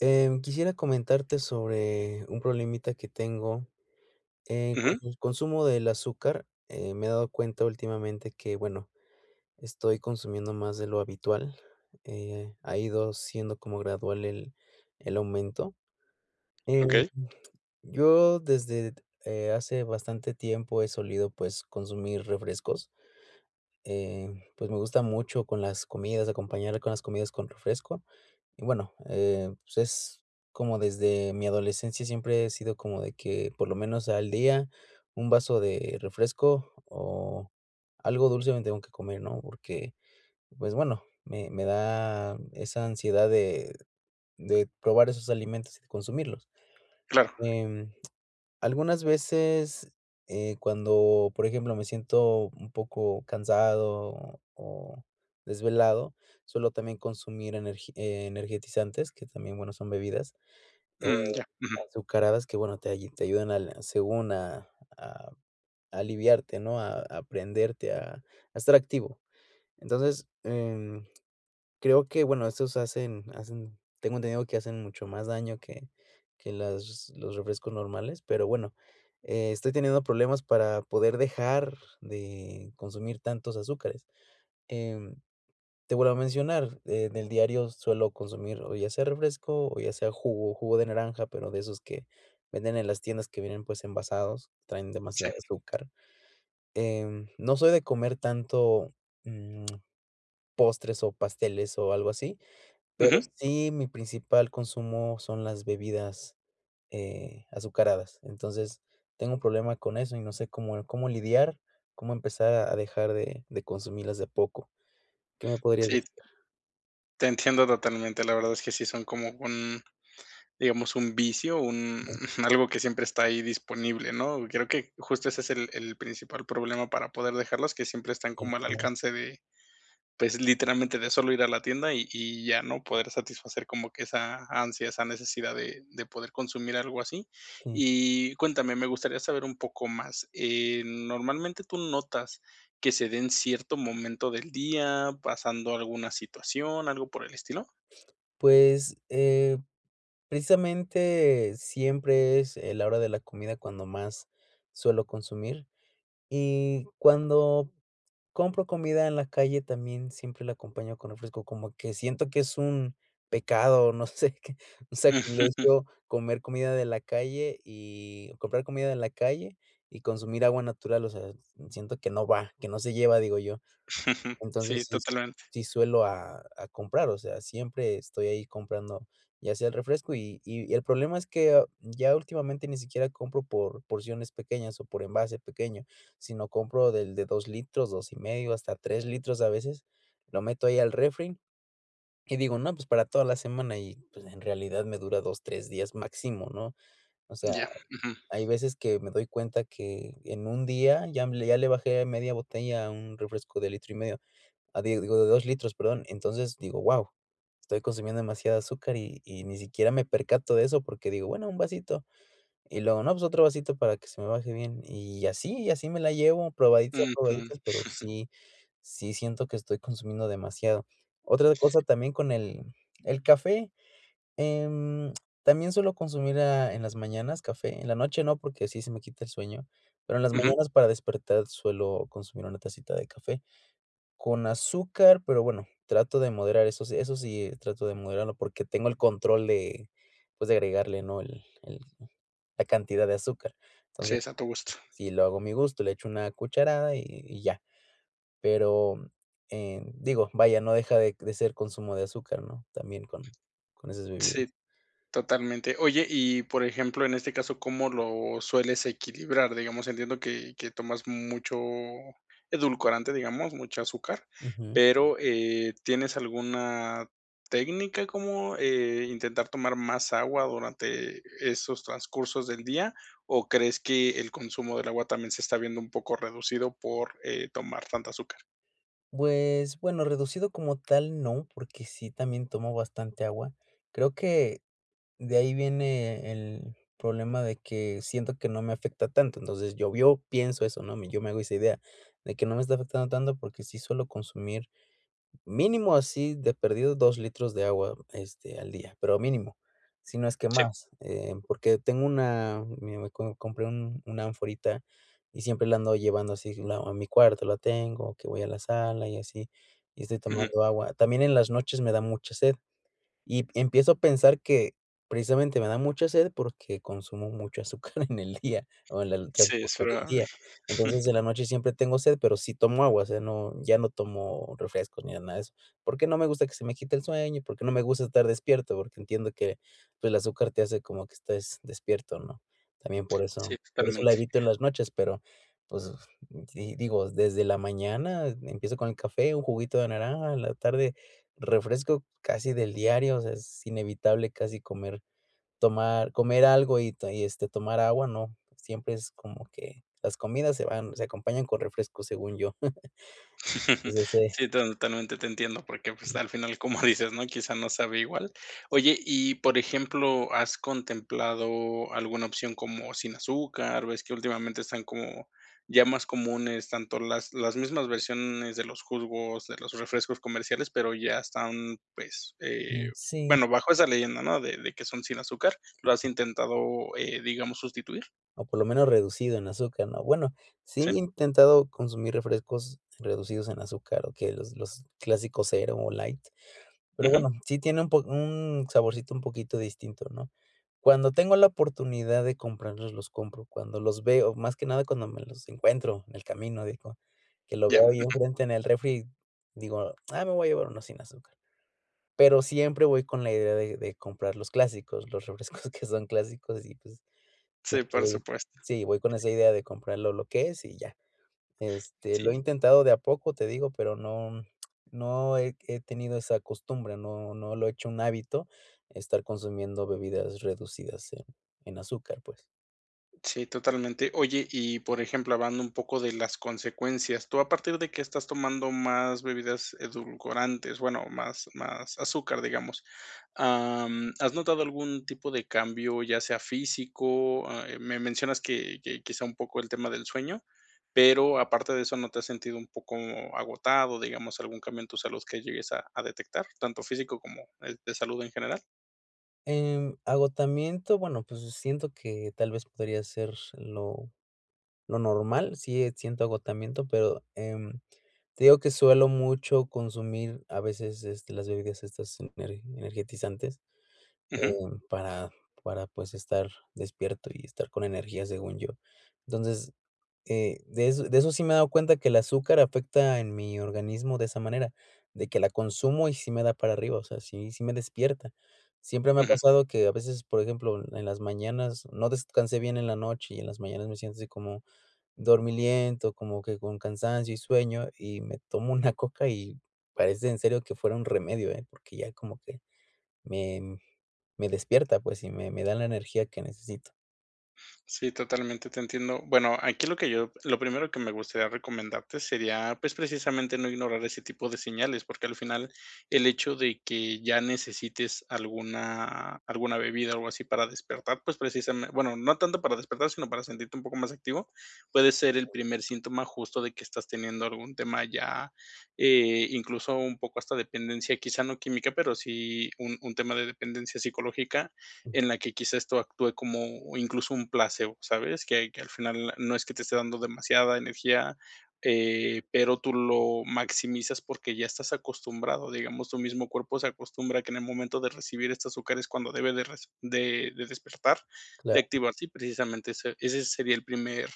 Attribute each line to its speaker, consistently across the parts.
Speaker 1: Eh, quisiera comentarte sobre un problemita que tengo, eh, con
Speaker 2: Ujú.
Speaker 1: el consumo del azúcar, eh, me he dado cuenta últimamente que, bueno, estoy consumiendo más de lo habitual, eh, ha ido siendo como gradual el el aumento, eh,
Speaker 2: Okey.
Speaker 1: yo desde, eh, hace bastante tiempo he solido, pues, consumir refrescos, eh, pues, me gusta mucho con las comidas, acompañar con las comidas con refresco y, bueno, eh, pues, es como desde mi adolescencia, siempre he sido como de que, por lo menos al día, un vaso de refresco o algo dulce me tengo que comer, ¿no?, porque, pues bueno, me me da esa ansiedad de de probar esos alimentos y consumirlos,
Speaker 2: Claro.
Speaker 1: em, algunas veces, eh, cuando, por ejemplo, me siento un poco cansado o o desvelado, suelo también consumir energi energetizantes, que también, bueno, son bebidas, eh,
Speaker 2: Mm, ya, ujú.
Speaker 1: azucaradas que, bueno, te te ayudan al, según, a a aliviarte, ¿no?, a a, prenderte, a a estar activo, entonces, eh, creo que, bueno, estos hacen hacen, tengo entendido, que hacen mucho más daño que que las los refrescos normales, pero, bueno, estoy teniendo problemas para poder dejar de consumir tantos azúcares, em, te vuelvo a mencionar, eh, del diario suelo consumir, o ya sea refresco o ya sea jugo jugo de naranja, pero de esos que venden en las tiendas que vienen, pues, envasados, traen
Speaker 2: Sí.
Speaker 1: demasiada azúcar, em, no soy de comer tanto, mm, postres o pasteles o algo así, pero
Speaker 2: Ujú.
Speaker 1: sí, mi principal consumo son las bebidas, eh, azucaradas, entonces, tengo un problema con eso y no sé cómo cómo lidiar, cómo empezar a a dejar de de consumirlas de a poco, ¿qué me podrías
Speaker 2: Sí.
Speaker 1: decir?
Speaker 2: Te entiendo totalmente, la verdad es que sí son como un, digamos, un vicio, un algo que siempre está ahí disponible, ¿no?, creo que justo ese es el el principal problema para poder dejarlos, que siempre están
Speaker 1: Si,
Speaker 2: como al
Speaker 1: claro.
Speaker 2: alcance de, pues, literalmente de solo ir a la tienda, y y ya, ¿no?, poder satisfacer como que esa ansia, esa necesidad de de poder consumir algo así.
Speaker 1: Sí.
Speaker 2: Y cuéntame, me gustaría saber un poco más, eh, normalmente, ¿tú notas que se de en cierto momento del día, pasando alguna situación, algo por el estilo?
Speaker 1: Pues, eh, precisamente, siempre es en la hora de la comida cuando más suelo consumir, y cuando compro comida en la calle, también siempre la acompaño con refresco, como que siento que es un pecado, no sé qué, o sea, y eso comer comida de la calle y comprar comida de la calle y consumir agua natural, o sea, siento que no va, que no se lleva, digo yo, entonces,
Speaker 2: Sí,
Speaker 1: sí
Speaker 2: totalmente.
Speaker 1: sí suelo, a a comprar, o sea, siempre estoy ahí comprando, ya sea el refresco, y y el problema es que ya últimamente ni siquiera compro por porciones pequeñas o por envase pequeño, sino compro del de 2 litros, 2 y medio, hasta 3 litros a veces, lo meto ahí al refri, y digo, no, pues para toda la semana y, pues, en realidad me dura 2, 3 días máximo, ¿no?, o sea,
Speaker 2: Ya, ujú.
Speaker 1: hay veces que me doy cuenta que en un día ya me, ya le bajé media botella a un refresco de litro y medio, ah, digo, de 2 litros, perdón, entonces, digo, wao, estoy consumiendo demasiada azúcar, y y ni siquiera me percato de eso porque digo: "Bueno, un vasito", y luego, no, pues: "Otro vasito para que se me baje bien", y así y así me la llevo, probadita
Speaker 2: Ujú.
Speaker 1: probaditas, pero sí sí siento que estoy consumiendo demasiado. Otra cosa también con el el café, em, también suelo consumir, ah, en las mañanas café, en la noche no, porque sí se me quita el sueño, pero en las
Speaker 2: Ujú.
Speaker 1: mañanas, para despertar, suelo consumir una tacita de café, con azúcar, pero bueno, trato de moderar esos eso sí, y trato de moderarlo porque tengo el control de, pues, de agregarle, ¿no?, el el la cantidad de azúcar,
Speaker 2: Sí, es
Speaker 1: entonces,
Speaker 2: a tu gusto.
Speaker 1: si lo hago a mi gusto, le echo una cucharada, y y ya, pero, eh, digo, vaya, no deja de de ser consumo de azúcar, ¿no?, también con con esas bebidas.
Speaker 2: Sí, totalmente, oye y, por ejemplo, en este caso, ¿cómo lo sueles equilibrar? Digamos, entiendo que que tomas mucho edulcorante, digamos, mucha azúcar,
Speaker 1: Ujú.
Speaker 2: pero, eh, ¿tienes alguna técnica como, eh, intentar tomar más agua durante esos transcursos del día, o crees que el consumo del agua también se está viendo un poco reducido por, eh, tomar tanta azúcar?
Speaker 1: Pues, bueno, reducido como tal no, porque sí también tomo bastante agua. Creo que, de ahí viene el problema de que siento que no me afecta tanto, entonces llovió, pienso eso, ¿no? Yo me hago esa idea, de que no me está afectando tanto porque sí suelo consumir, mínimo así de perdido, dos litros de agua este, al día, pero mínimo. Si no es que
Speaker 2: Sí.
Speaker 1: más, eh, porque tengo una, mira me co compré un una anforita y siempre la ando llevando así q no a mi cuarto la tengo, que voy a la sala y así, y estoy
Speaker 2: Ujú.
Speaker 1: tomando agua. También en las noches me da mucha sed, y em empiezo a pensar que, precisamente, me da mucha sed porque consumo mucho azúcar en el día, o en el
Speaker 2: Sí, eso
Speaker 1: transcurso del
Speaker 2: era.
Speaker 1: día. Entonces, en la noche siempre tengo sed, pero sí tomo agua, o sea, no, ya no tomo refrescos ni nada de eso. Porque no me gusta que se me quite el sueño y porque no me gusta estar despierto, porque entiendo que, pues, el azúcar te hace como que estés despierto, ¿no? También por eso,
Speaker 2: Sí,
Speaker 1: por eso la
Speaker 2: totalmente.
Speaker 1: evito en las noches, pero, pues si digo, desde la mañana empiezo con el café, un juguito de naranja, en la tarde, refresco casi del diario, o sea, es inevitable casi comer, tomar comer algo y te este, tomar agua, no, siempre es como que las comidas se van se acompañan con refrescos, según yo. Pues, ese.
Speaker 2: Sí, ton totalmente te entiendo, porque, pues, al final, como dices, ¿no? Quizá no sabe igual. Oye, y, por ejemplo ¿has contemplado alguna opción como sin azúcar? Ves que últimamente están como ya más comunes, tanto las las mismas versiones de los jugos, de los refrescos comerciales, pero ya están, pues, eh,
Speaker 1: Mm, sí.
Speaker 2: bueno, bajo esa leyenda, ¿no? De de que son sin azúcar ¿lo has intentado eh, digamos, sustituir?
Speaker 1: O por lo menos reducido en azúcar, ¿no? Bueno, sí he
Speaker 2: Sí.
Speaker 1: intentado consumir refrescos reducidos en azúcar, o que los los clásicos Zero o Light, pero
Speaker 2: Ujú.
Speaker 1: bueno, sí tiene un po un saborcito un poquito distinto, ¿no? Cuando tengo la oportunidad de comprarlos, los compro, cuando los veo, más que nada cuando me los encuentro en el camino, digo, que lo
Speaker 2: Ya.
Speaker 1: veo ahí
Speaker 2: Ujú.
Speaker 1: enfrente en el refri, digo: "Ah me voy a llevar uno sin azúcar". Pero siempre voy con la idea de de comprar los clásicos, los refrescos que son clásicos y, pues,
Speaker 2: Sí, por
Speaker 1: [unintelligible]
Speaker 2: supuesto.
Speaker 1: sí, voy con esa idea de comprar lo lo que es y ya. Este, lo he
Speaker 2: Sí.
Speaker 1: intentado de a poco, te digo, pero no, no he he tenido esa costumbre, no no lo he hecho un hábito, estar consumiendo bebidas reducidas en, en azúcar, pues.
Speaker 2: Sí, totalmente. Oye, y por ejemplo, hablando un poco de las consecuencias, tú a partir de que estás tomando más bebidas edulcorantes, bueno, más, más azúcar, digamos am, ¿has notado algún tipo de cambio, ya sea físico? Ah me mencionas que que quizá un poco el tema del sueño, pero aparte de eso ¿no te has sentido un poco agotado, digamos, algún cambio en tu salud que llegues a a detectar? ¿Tanto físico como eh, de salud en general?
Speaker 1: En agotamiento, bueno, pues siento que tal vez podría ser lo normal, sí eh, siento agotamiento, pero em, te digo que suelo mucho consumir a veces, este, las bebidas estas ener energizantes, eh,
Speaker 2: Ujú.
Speaker 1: para, para pues estar despierto y estar con energías, según yo. Entonces, eh, de eso de eso sí me he dado cuenta que el azúcar afecta en mi organismo de esa manera, de que la consumo y sí me da para arriba, o sea, sí si me despierta. Siempre me ha
Speaker 2: Ujú.
Speaker 1: pasado que, a veces, por ejemplo, en las mañanas no descansé bien en la noche y en las mañanas me siento así como dormilento, como que con cansancio y sueño, y me tomo una Coca y parece en serio que fuera un remedio eh, porque ya como que me, me despierta, pues, y me me da la energía que necesito.
Speaker 2: Sí, totalmente te entiendo. Bueno, aquí lo que yo lo primero que me gustaría recomendarte sería, pues, precisamente no ignorar ese tipo de señales. Porque al final, el hecho de que ya necesites alguna alguna bebida o algo así para despertar, pues, precisame bueno, no tanto para despertar, sino para sentirte un poco más activo, puede ser el primer síntoma, justo, de que estás teniendo algún tema ya, eh, incluso, un poco hasta dependencia, quizá no química, pero sí un un tema de dependencia psicológica. En la que, quizá, esto actúe como, incluso, un placebo, ¿sabes? Que que al final no es que te esté dando demasiada energía, eh, pero tú lo maximizas, porque ya estás acostumbrado, digamos, tu mismo cuerpo se acostumbra a que en el momento de recibir esta azúcar es cuando debe de res de de despertar, de
Speaker 1: Claro.
Speaker 2: activarse, y precisamente ese ese sería el primer,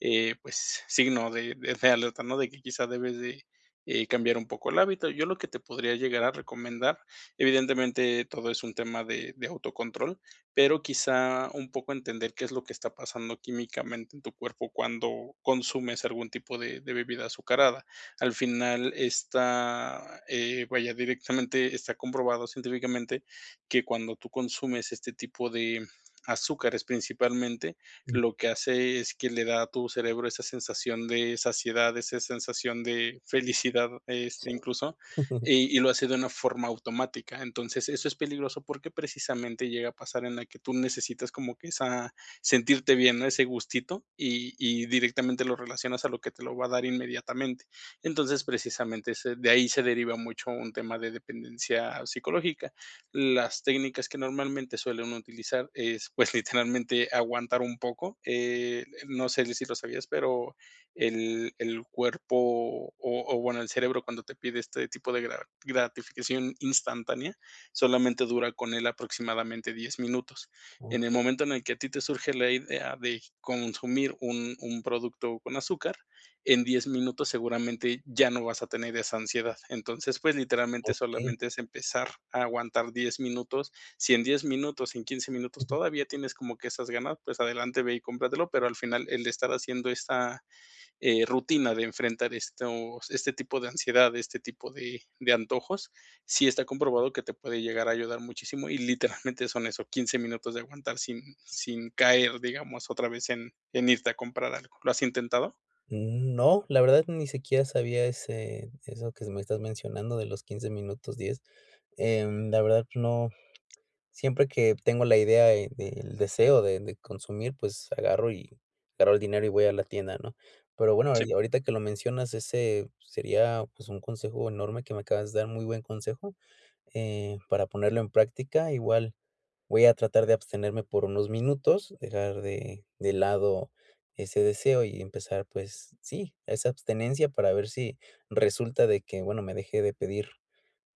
Speaker 2: eh, pues, signo de de alerta, ¿no? De que, quizá, debes de, eh, cambiar un poco el hábito. Yo lo que te podría llegar a recomendar, evidentemente, todo es un tema de de autocontrol, pero, quizá, un poco entender qué es lo que está pasando químicamente en tu cuerpo cuando consumes algún tipo de de bebida azucarada. Al final está, eh, vaya, directamente está comprobado científicamente que cuando tú consumes este tipo de azúcares principalmente,
Speaker 1: Uh.
Speaker 2: lo que hace es que le da a tu cerebro esa sensación de saciedad, esa sensación de felicidad, es,
Speaker 1: Sí.
Speaker 2: incluso, y y lo hace de una forma automática. Entonces, eso es peligroso porque precisamente llega a pasar en la que tú necesitas como que esa sentirte bien, ese gustito, y y directamente lo relacionas a lo que te lo va a dar inmediatamente. Entonces, precisamente ese de ahí se deriva mucho un tema de dependencia psicológica. Las técnicas que normalmente suelen utilizar es, pues, literalmente aguantar un poco, eh, no sé si lo sabías, pero el el cuerpo, o o, bueno, el cerebro, cuando te pide este tipo de gra gratificación instantánea, solamente dura con él aproximadamente 10 minutos. En el
Speaker 1: Okey.
Speaker 2: momento en el que a ti te surge la idea de consumir un un producto con azúcar, en 10 minutos seguramente ya no vas a tener esa ansiedad. Entonces, pues, literalmente,
Speaker 1: Okey.
Speaker 2: solamente es empezar a aguantar 10 minutos. Si en 10 minutos, en 15 minutos todavía tienes como que esas ganas, pues, adelante, ve y cómpratelo, pero al final el estar haciendo esta, eh, rutina de enfrentar estos este tipo de ansiedad, este tipo de de antojos, sí está comprobado que te puede llegar a ayudar muchísimo y literalmente son eso, 15 minutos de aguantar sin sin caer, digamos, otra vez en en irte a comprar algo. ¿Lo has intentado?
Speaker 1: Mm, no, la verdad, ni siquiera sabía ese eso que me estás mencionando de los 15 minutos 10. Em, la verdad, no. Siempre que tengo la idea de del deseo de de consumir, pues, agarro, y agarro el dinero y voy a la tienda, ¿no? Pero bueno,
Speaker 2: Sí.
Speaker 1: ya, ahorita que lo mencionas, ese sería, pues, un consejo enorme que me acabas de dar, muy buen consejo, eh, para ponerlo en práctica. Igual, voy a tratar de abstenerme por unos minutos, dejar de de lado ese deseo y empezar, pues, sí, esa abstinencia para ver si resulta de que, bueno, me dejé de pedir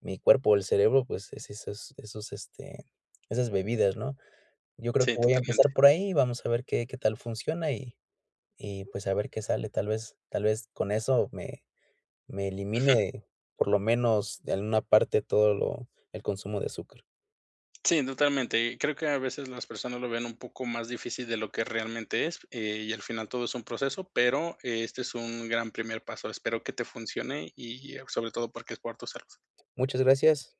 Speaker 1: mi cuerpo o el cerebro, pues, es esas esos, este, esas bebidas, ¿no? Yo creo
Speaker 2: Sí,
Speaker 1: que voy a
Speaker 2: totalmente.
Speaker 1: empezar por ahí, vamos a ver qué qué tal funciona, y y, pues, a ver qué sale. Tal vez, tal vez con eso me me
Speaker 2: Ujú.
Speaker 1: elimine, por lo menos, de a una parte, todo lo el consumo de azúcar.
Speaker 2: Sí, totalmente. Creo que a veces las personas lo ven un poco más difícil de lo que realmente es, eh, y al final todo es un proceso, pero este es un gran primer paso. Espero que te funcione y a sobre todo porque es por tu salud.
Speaker 1: Muchas gracias.